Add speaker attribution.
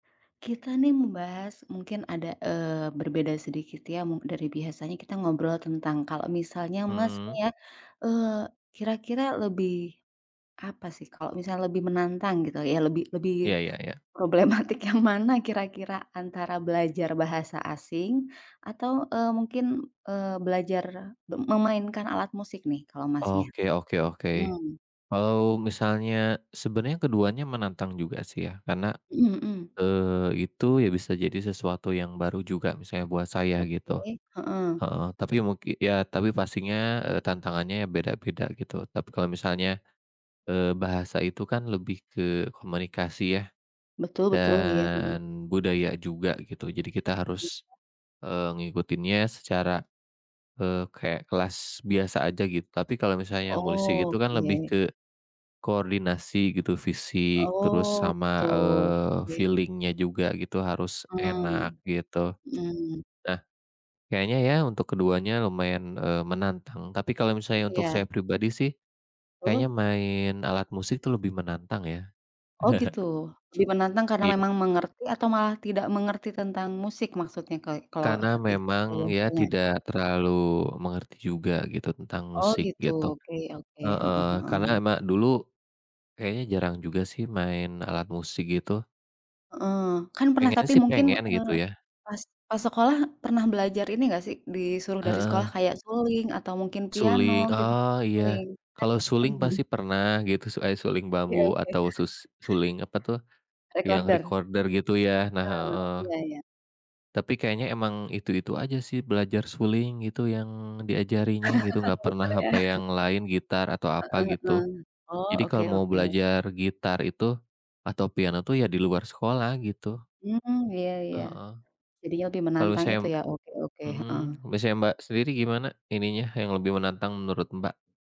Speaker 1: Kita, nih, membahas mungkin ada, eee, berbeda sedikit, ya, dari biasanya, kita ngobrol tentang kalau misalnya
Speaker 2: Heeh.
Speaker 1: Masnya, eee, kira-kira lebih apa, sih, kalau misalnya lebih menantang gitu, ya, lebih lebih
Speaker 2: Iya iya iya.
Speaker 1: problematik yang mana kira-kira antara belajar bahasa asing atau, eee, mungkin, eee, belajar me memainkan alat musik, nih, kalo Masnya?
Speaker 2: Oke oke oke,
Speaker 1: Mhm.
Speaker 2: kalau misalnya sebenarnya keduanya menantang juga, sih, ya, karena,
Speaker 1: Mhm mhm.
Speaker 2: eee, itu, ya, bisa jadi sesuatu yang baru juga misalnya buat saya gitu,
Speaker 1: Oke, heeh.
Speaker 2: heeh, tapi mungki ya, tapi pastinya, eee, tantangannya beda-beda gitu, tapi kalau misalnya, eee, bahasa itu, kan, lebih ke komunikasi, ya,
Speaker 1: Betul betul, iya, heeh.
Speaker 2: dan budaya juga gitu jadi kita
Speaker 1: Iya.
Speaker 2: harus, eee, mengikutinya secara, eee, kayak kelas biasa aja gitu, tapi kalau misalnya musik itu, kan, lebih
Speaker 1: Oke.
Speaker 2: ke koordinasi gitu, fisik, terus
Speaker 1: Oh,
Speaker 2: sama,
Speaker 1: gitu,
Speaker 2: eee,
Speaker 1: oke.
Speaker 2: feeling-nya juga gitu harus
Speaker 1: Mmm.
Speaker 2: enak gitu.
Speaker 1: Mhm.
Speaker 2: Nah, kayaknya, ya, untuk keduanya lumayan, eee, menantang tapi kalau misalnya untuk
Speaker 1: Iya.
Speaker 2: saya pribadi, sih, kayaknya
Speaker 1: Oh.
Speaker 2: main alat musik itu lebih menantang, ya.
Speaker 1: Oh, gitu, lebih menantang karena
Speaker 2: Iya.
Speaker 1: memang mengerti atau malah tidak mengerti tentang musik maksudnya ka kalau
Speaker 2: Karena
Speaker 1: itu
Speaker 2: memang, ya,
Speaker 1: punya.
Speaker 2: tidak terlalu mengerti juga gitu tentang
Speaker 1: Oh,
Speaker 2: musik
Speaker 1: gitu.
Speaker 2: gitu.
Speaker 1: Oke oke. Heeh
Speaker 2: Heeh, karena
Speaker 1: heeh.
Speaker 2: emang dulu kayaknya jarang juga, sih, main alat musik gitu.
Speaker 1: Heeh, kan, pernah
Speaker 2: Pengennya,
Speaker 1: tapi
Speaker 2: sih,
Speaker 1: mungkin,
Speaker 2: pengen
Speaker 1: eee,
Speaker 2: gitu, ya.
Speaker 1: pas pas sekolah pernah belajar ini nggak, sih, disuruh dari sekolah
Speaker 2: Heeh.
Speaker 1: kayak suling atau mungkin piano
Speaker 2: Suling?
Speaker 1: gitu?
Speaker 2: Ah
Speaker 1: Suling,
Speaker 2: iya,
Speaker 1: kan, ya,
Speaker 2: kalau
Speaker 1: heeh
Speaker 2: suling
Speaker 1: heeh.
Speaker 2: pasti pernah gitu suai suling
Speaker 1: Oke,
Speaker 2: bambu
Speaker 1: oke.
Speaker 2: atau sus suling apa, tuh, yang
Speaker 1: Recorder?
Speaker 2: recorder gitu, ya, nah
Speaker 1: Oh,
Speaker 2: heeh.
Speaker 1: iya iya.
Speaker 2: Tapi kayaknya emang itu-itu aja, sih, belajar suling gitu yang diajarinnya gitu nggak pernah
Speaker 1: Betul, ya.
Speaker 2: apa
Speaker 1: Heeh
Speaker 2: yang lain gitar atau apa gitu.
Speaker 1: heeh. Oh,
Speaker 2: Jadi
Speaker 1: oke
Speaker 2: kalau mau
Speaker 1: oke.
Speaker 2: belajar gitar itu atau piano, tuh, ya, di luar sekolah gitu.
Speaker 1: Mmm, iya iya.
Speaker 2: Heeh.
Speaker 1: Jadinya lebih
Speaker 2: Kalau
Speaker 1: menantang
Speaker 2: saya
Speaker 1: itu, ya. Oke oke,
Speaker 2: mhm,
Speaker 1: heeh.
Speaker 2: misalnya Mbak, sendiri gimana ininya, yang lebih menantang menurut, Mbak?